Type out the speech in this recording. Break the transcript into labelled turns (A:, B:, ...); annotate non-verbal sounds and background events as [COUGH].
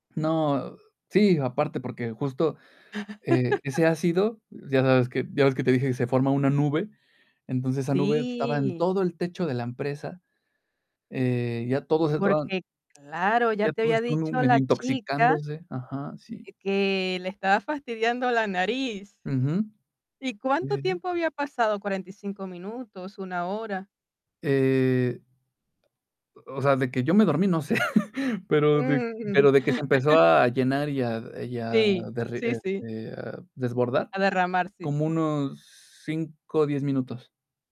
A: No. Sí, aparte porque justo, eh,
B: [LAUGHS]
A: ese ácido, ya sabes, que ya ves que te dije que se forma una nube, entonces esa nube estaba en
B: Sí.
A: todo el techo de la empresa, eh, ya todos estaban
B: Porque, claro, ya
A: ya
B: te
A: todos
B: había
A: estaban
B: dicho
A: medio
B: la chica,
A: intoxicándose, ajá, sí.
B: eh, que le estaba fastidiando la nariz,
A: Ujú.
B: ¿y
A: Sí,
B: cuánto
A: sí, sí.
B: tiempo había pasado? ¿45, minutos, 1 hora?
A: Eh o o sea, de que yo me dormí, no sé, pero de
B: Mm.
A: pero de que se empezó
B: [LAUGHS]
A: a llenar y a y a
B: Sí,
A: derre
B: sí, sí.
A: este, desbordar,
B: A derramar, sí.
A: como unos 5, o 10, minutos.